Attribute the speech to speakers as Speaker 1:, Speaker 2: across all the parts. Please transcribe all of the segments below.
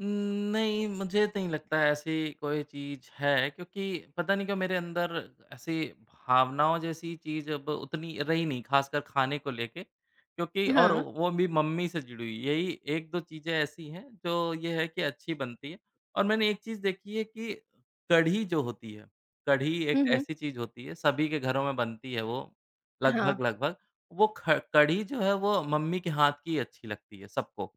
Speaker 1: उम, नहीं, मुझे नहीं लगता है ऐसी कोई चीज़ है क्योंकि पता नहीं क्यों मेरे अंदर ऐसी भावनाओं जैसी चीज़ अब उतनी रही नहीं, ख़ासकर ख़ाने को लेके क्योंकि और
Speaker 2: हाँ।
Speaker 1: वो भी मम्मी से जुड़ी हुई, यही 1-2 चीजें ऐसी हैं जो ये है कि अच्छी बनती हैं। और मैंने एक चीज़ देखी है कि कढ़ी जो होती है, कढ़ी
Speaker 2: हुँ,
Speaker 1: एक
Speaker 2: हुँ।
Speaker 1: ऐसी चीज़ होती है, सभी के घरों में बनती है वो
Speaker 2: हाँ।
Speaker 1: लगभग-लगभग। वो ख कढ़ी जो है, वो मम्मी के हाथ की अच्छी लगती है सबको।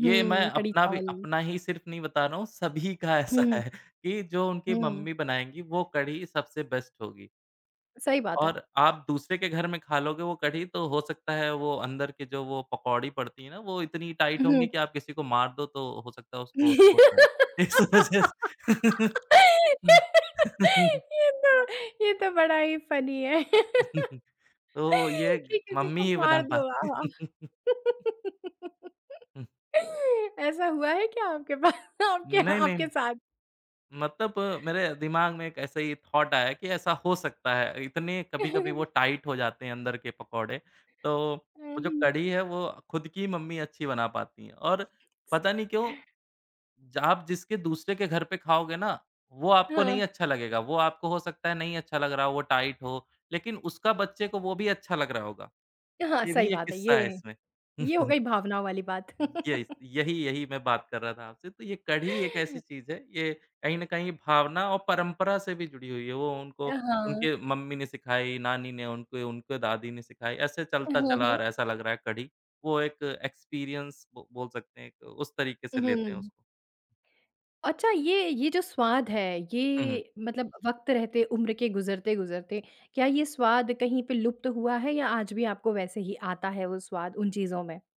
Speaker 1: ये मैं
Speaker 2: कढ़ी
Speaker 1: अपना भी
Speaker 2: चावल।
Speaker 1: अपना ही सिर्फ़ नहीं बता रहा हूँ, सभी का ऐसा
Speaker 2: हुँ।
Speaker 1: है कि जो उनकी
Speaker 2: हुँ।
Speaker 1: मम्मी बनाएँगी, वो कढ़ी सबसे बेस्ट होगी।
Speaker 2: सही बात है।
Speaker 1: और आप दूसरे के घर में ख़ा लोगे वो कढ़ी तो हो सकता है वो अंदर के जो वो पकौड़ी पड़ती हैं ना, वो इतनी टाइट होंगी
Speaker 2: उहुँ।
Speaker 1: कि आप किसी को मार दो तो हो सकता है उसको चोट आ जाए। इस वजह स
Speaker 2: ये तो ये तो बड़ा ही फ़नी है
Speaker 1: तो ये
Speaker 2: कि
Speaker 1: ग
Speaker 2: किसी को
Speaker 1: मम्मी ही बना
Speaker 2: मार दो
Speaker 1: पाती हैं
Speaker 2: आहा
Speaker 1: हुँ।
Speaker 2: ऐसा हुआ है क्या आपके बाद आपके
Speaker 1: नहीं, नहीं,
Speaker 2: आपके
Speaker 1: नहीं,
Speaker 2: साथ
Speaker 1: मतलब मेरे दिमाग में एक ऐसे ही थॉट आया कि ऐसा हो सकता है। इतनी कभी-कभी वो टाइट हो जाते हैं अंदर के पकोड़े, तो
Speaker 2: अ,
Speaker 1: वो जो
Speaker 2: हुँ।
Speaker 1: कढ़ी है, वो ख़ुद की मम्मी अच्छी बना पाती हैं और पता नहीं क्यों जहाँ आप जिसके दूसरे के घर पे ख़ाओगे ना, वो आपको नहीं
Speaker 2: हाँ।
Speaker 1: अच्छा लगेगा, वो आपको हो सकता है नहीं अच्छा लग रहा हो, वो टाइट हो, लेक़िन उसका बच्चे को वो भी अच्छा लग रहा होगा।
Speaker 2: हाँ,
Speaker 1: ये
Speaker 2: सही
Speaker 1: भी एक
Speaker 2: बात है ये।
Speaker 1: किस्सा है इसमें।
Speaker 2: ये हो गई भावनाओं वाली बात।
Speaker 1: य इस यही यही मैं बात कर रहा था आपसे, तो ये कढ़ी एक ऐसी चीज़ है, ये कहीं न कहीं भावना और परंपरा से भी जुड़ी हुई है। वो उनको
Speaker 2: अ, हाँ।
Speaker 1: उनके मम्मी ने सिखाई, नानी ने उनके उनके दादी ने सिखाई। ऐसे
Speaker 2: अ,
Speaker 1: चलता
Speaker 2: हाँ,
Speaker 1: चला आ
Speaker 2: हाँ।
Speaker 1: रहा है ऐसा लग रहा है कढ़ी। वो एक एक्सपीरियंस ब बोल सकते हैं एक उस तरीक़े से लेते हैं
Speaker 2: उहुँ।
Speaker 1: उसको।
Speaker 2: अच्छा ये ये जो स्वाद है,
Speaker 1: हुँ, हुँ।
Speaker 2: ये मतलब वक़्त रहते उम्र के गुज़रते-गुज़रते क्या ये स्वाद कहीं पे लुप्त हुआ है या आज भी आपको वैसे ही आता है वो स्वाद उन चीज़ों में?